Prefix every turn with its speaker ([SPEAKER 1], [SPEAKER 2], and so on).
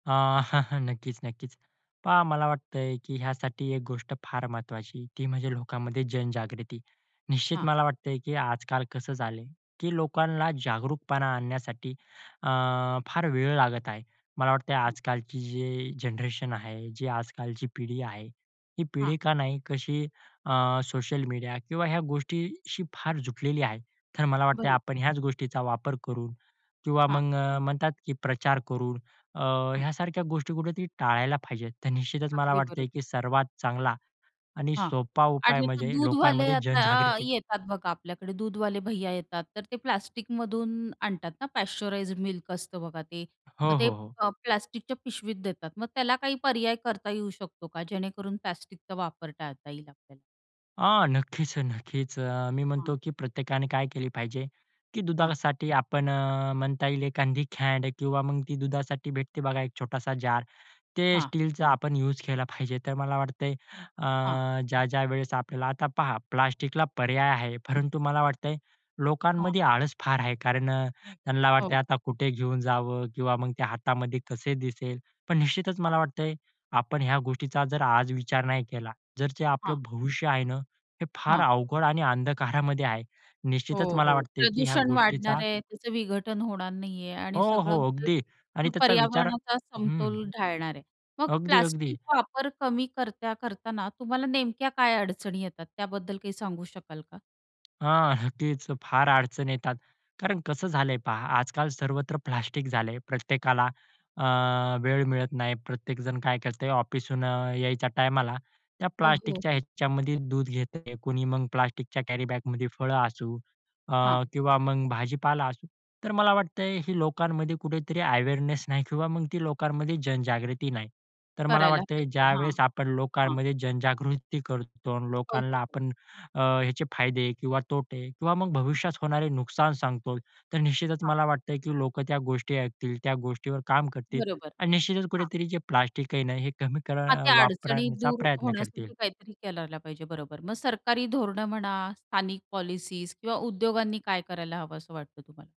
[SPEAKER 1] अ, नक्कीच नक्कीच. पहा मला वाटतंय की ह्यासाठी एक गोष्ट फार महत्वाची ती म्हणजे लोकांमध्ये जनजागृती. निश्चित
[SPEAKER 2] हां.
[SPEAKER 1] मला वाटतंय की आजकाल कसं झालंय, की लोकांना जागरूकपणा आणण्यासाठी, अ, फार वेळ लागत आहे. मला वाटतंय
[SPEAKER 2] हं.
[SPEAKER 1] आजकालची जी जनरेशन आहे, जी आजकालची पिढी आहे, ही
[SPEAKER 2] हां.
[SPEAKER 1] पिढी का नाही, कशी अ, सोशल मीडिया किंवा ह्या गोष्टीशी फार जुटलेली आहे. तर मला वाटतंय,
[SPEAKER 2] बरं.
[SPEAKER 1] आपण ह्याच गोष्टीचा वापर करून किंवा
[SPEAKER 2] हां.
[SPEAKER 1] मग अ, म्हणतात, की प्रचार करून, अ,
[SPEAKER 2] हां.
[SPEAKER 1] ह्यासारख्या गोष्टी कुठेतरी टाळायला पाहिजे. तर निश्चितच, मला
[SPEAKER 2] अगदी बरोबर.
[SPEAKER 1] वाटतंय की सर्वात चांगला आणि
[SPEAKER 2] हां.
[SPEAKER 1] सोपा उपाय
[SPEAKER 2] आणि ते
[SPEAKER 1] म्हणजे
[SPEAKER 2] दूधवाले
[SPEAKER 1] लोकांमध्ये
[SPEAKER 2] आता
[SPEAKER 1] जनजागृती.
[SPEAKER 2] येतात बघा, आपल्याकडे दूधवाले भैय्या येतात. तर ते प्लास्टिकमधून आणतात ना पाश्चराइज्ड मिल्क असतं बघा ते
[SPEAKER 1] हो,
[SPEAKER 2] मग ते अ,
[SPEAKER 1] हो, हो.
[SPEAKER 2] प्ला प्लास्टिकच्या पिशवीत देतात मग त्याला काही पर्याय करता येऊ शकतो का जेणेकरून प्लास्टिकचा वापर टाळता येईल आपल्याला?
[SPEAKER 1] हां, नक्कीच अ, नक्कीच अ, मी
[SPEAKER 2] हां.
[SPEAKER 1] म्हणतो की प्रत्येकाने काय केली पाहिजे, की
[SPEAKER 2] हां.
[SPEAKER 1] दुधासाठी आपण अ, म्हणता येईल एखादी कॅन किंवा मग ती दुधासाठी भेटते बघा एक छोटासा जार, ते
[SPEAKER 2] हां.
[SPEAKER 1] स्टीलचा आपण युज केला पाहिजे. तर मला वाटतंय
[SPEAKER 2] हां.
[SPEAKER 1] अ, ज्या-ज्या वेळेस आपल्याला आता पहा, प्लास्टिकला पर्याय आहे, परंतु मला वाटतंय
[SPEAKER 2] हां.
[SPEAKER 1] लोकांमध्ये आळस फार आहे कारण अ, त्यांना
[SPEAKER 2] हो.
[SPEAKER 1] वाटतंय, आता कुठे घेऊन जावं किंवा मग ते हातामध्ये कसे दिसेल. पण निश्चितच
[SPEAKER 2] हां.
[SPEAKER 1] मला वाटतंय आपण ह्या गोष्टीचा जर आज विचार नाही केला, जर जे
[SPEAKER 2] हां.
[SPEAKER 1] आपलं भविष्य आहे ना, हे फार
[SPEAKER 2] हां.
[SPEAKER 1] अवघड आणि अंधकारामध्ये आहे. निश्चितच
[SPEAKER 2] हो,
[SPEAKER 1] मला
[SPEAKER 2] हो,
[SPEAKER 1] वाटतंय की ह्या
[SPEAKER 2] प्रदूषण
[SPEAKER 1] गोष्टीचा
[SPEAKER 2] वाढणार आहे, त्याचं विघटन होणार नाहीये आणि
[SPEAKER 1] हो,
[SPEAKER 2] सगळं
[SPEAKER 1] हो, अगदी. आणि
[SPEAKER 2] म्हणजे
[SPEAKER 1] त्याचा विचार हं,
[SPEAKER 2] पर्यावरणाचा
[SPEAKER 1] हं.
[SPEAKER 2] समतोल ढाळणार आहे. मग
[SPEAKER 1] अगदी, अगदी.
[SPEAKER 2] प्लास्टिक वापर कमी करता करताना तुम्हाला नेमक्या काय अडचणी येतात? त्याबद्दल काही सांगू शकाल का?
[SPEAKER 1] हां, तेच अ, फार अडचणी येतात, कारण कसं झालंय पहा, आजकाल सर्वत्र प्लास्टिक झालंय. प्रत्येकाला अ, वेळ मिळत नाही. प्रत्येक जण काय करतंय ऑफिसहून अ, यायच्या टाईमाला त्या
[SPEAKER 2] अ, हो,
[SPEAKER 1] प्लास्टिकच्या
[SPEAKER 2] हो.
[SPEAKER 1] ह्याच्यामध्ये दूध घेतंय. कुणी मग प्लास्टिकच्या कॅरीबॅगमध्ये फळं असू, अ,
[SPEAKER 2] हां.
[SPEAKER 1] किंवा मग भाजीपाला असू. तर मला वाटतंय ही लोकांमध्ये कुठेतरी अवेअरनेस नाही किंवा मग ती लोकांमध्ये जनजागृती नाही. तर मला
[SPEAKER 2] करायला
[SPEAKER 1] वाटतंय
[SPEAKER 2] पाहिजे. हां.
[SPEAKER 1] ज्यावेळेस आपण
[SPEAKER 2] हां.
[SPEAKER 1] लोकांमध्ये जनजागृती करतो आणि
[SPEAKER 2] हो,
[SPEAKER 1] लोकांना
[SPEAKER 2] हो, हो.
[SPEAKER 1] आपण, अ, ह्याचे फायदे किंवा तोटे किंवा मग भविष्यात होणारे नुकसान सांगतो, तर निश्चितच
[SPEAKER 2] हां.
[SPEAKER 1] मला वाटतंय की लोक त्या गोष्टी ऐकतील, त्या गोष्टीवर काम करतील
[SPEAKER 2] बरोबर.
[SPEAKER 1] आणि निश्चितच
[SPEAKER 2] हां.
[SPEAKER 1] कुठेतरी जे प्लास्टिक आहे ना, हे कमी कर
[SPEAKER 2] हां,
[SPEAKER 1] अ,
[SPEAKER 2] त्या अडचणी
[SPEAKER 1] वापरण्याचा
[SPEAKER 2] दूर
[SPEAKER 1] प्रयत्न करतील.
[SPEAKER 2] होण्यासाठी काहीतरी करायला पाहिजे, बरोबर. मग सरकारी धोरणं म्हणा, स्थानिक पॉलिसीज किंवा उद्योगांनी काय करायला हवं, असं वाटतं तुम्हाला?